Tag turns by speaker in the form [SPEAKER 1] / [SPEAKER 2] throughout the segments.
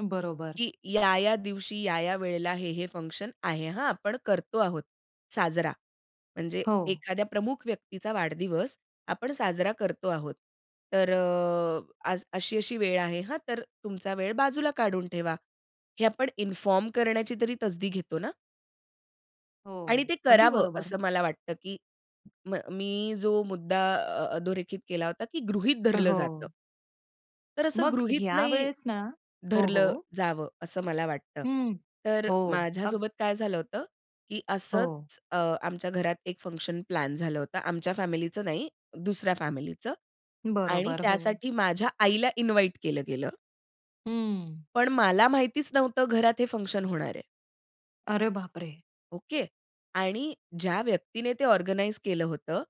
[SPEAKER 1] बरोबर.
[SPEAKER 2] की या-या दिवशी, या-या वेळेला, हे-हे फंक्शन आहे हां, आपण करतो आहोत साजरा. म्हणजे
[SPEAKER 1] हो.
[SPEAKER 2] एखाद्या प्रमुख व्यक्तीचा वाढदिवस आपण साजरा करतो आहोत. तर अ, अशी-अशी वेळ आहे, हां तर तुमचा वेळ बाजूला काढून ठेवा. हे आपण इन्फॉर्म करण्याची तरी तसदी घेतो ना.
[SPEAKER 1] हो,
[SPEAKER 2] आणि ते
[SPEAKER 1] अगदी
[SPEAKER 2] करावं
[SPEAKER 1] बरोबर.
[SPEAKER 2] असं मला वाटतं, की म मी जो मुद्दा अ अधोरेखित केला होता, की गृहीत धरलं जातं.
[SPEAKER 1] हो.
[SPEAKER 2] तर असं
[SPEAKER 1] मग
[SPEAKER 2] गृहीत
[SPEAKER 1] ह्या
[SPEAKER 2] नाही,
[SPEAKER 1] वेळेस ना हो,
[SPEAKER 2] धरलं
[SPEAKER 1] हो.
[SPEAKER 2] जावं, असं मला वाटतं.
[SPEAKER 1] हं,
[SPEAKER 2] तर
[SPEAKER 1] हो.
[SPEAKER 2] माझ्या
[SPEAKER 1] अग
[SPEAKER 2] सोबत काय झालं होतं, की
[SPEAKER 1] हो.
[SPEAKER 2] असंच अ, आमच्या घरात एक फंक्शन प्लॅन झालं होतं आमच्या फॅमिलीचं नाही, दुसऱ्या फॅमिलीचं आणि
[SPEAKER 1] बरोबर, हो.
[SPEAKER 2] त्यासाठी माझ्या आईला इन्व्हाईट केलं गेलं.
[SPEAKER 1] हं.
[SPEAKER 2] पण मला माहितीच नव्हतं घरात हे फंक्शन होणार आहे.
[SPEAKER 1] अरे बापरे!
[SPEAKER 2] ओके. आणि ज्या व्यक्तीने ते ऑर्गनाइज केलं होतं,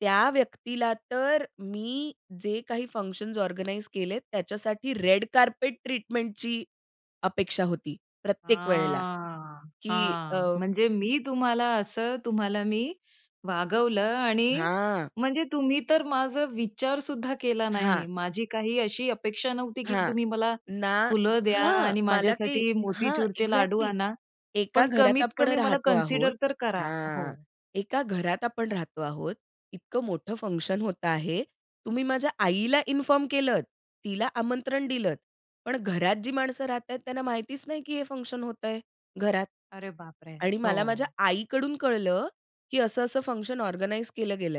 [SPEAKER 2] त्या व्यक्तीला तर, मी जे काही फंक्शन्स ऑर्गनाइज केलेत त्याच्यासाठी रेड कार्पेट ट्रीटमेंटची अपेक्षा होती, प्रत्येक वेळेला.
[SPEAKER 1] हां
[SPEAKER 2] की अ
[SPEAKER 1] हां, म्हणजे मी तुम्हाला असं, तुम्हाला मी वागवलं आणि
[SPEAKER 2] हां.
[SPEAKER 1] म्हणजे तुम्ही तर माझा विचारसुद्धा केला नाही,
[SPEAKER 2] हां.
[SPEAKER 1] माझी काही अशी अपेक्षा नव्हती, की
[SPEAKER 2] हां.
[SPEAKER 1] तुम्ही मला
[SPEAKER 2] ना
[SPEAKER 1] फुलं द्या
[SPEAKER 2] हां.
[SPEAKER 1] आणि अन
[SPEAKER 2] मला काही
[SPEAKER 1] माझ्यासाठी
[SPEAKER 2] हां,
[SPEAKER 1] मोतीचूरचे लाडू
[SPEAKER 2] एक्झॅक्टली.
[SPEAKER 1] आणा,
[SPEAKER 2] एका
[SPEAKER 1] पण
[SPEAKER 2] घरात
[SPEAKER 1] कमीत
[SPEAKER 2] आपण
[SPEAKER 1] कमी मला
[SPEAKER 2] राहतो आहोत
[SPEAKER 1] कन्सीडर तर करा हो.
[SPEAKER 2] हां. एका घरात आपण राहतो आहोत, इतकं मोठं फंक्शन होतं आहे तुम्ही माझ्या आईला इन्फॉर्म केलंत, तिला आमंत्रण दिलंत, पण घरात जी माणसं राहत आहेत, त्यांना माहितीच नाही, की हे फंक्शन होतंय, घरात.
[SPEAKER 1] अरे बापरे!
[SPEAKER 2] आणि मला माझ्या
[SPEAKER 1] हो.
[SPEAKER 2] आईकडून कळलं, की असं-असं फंक्शन ऑर्गनाइज केलं गेलं आहे.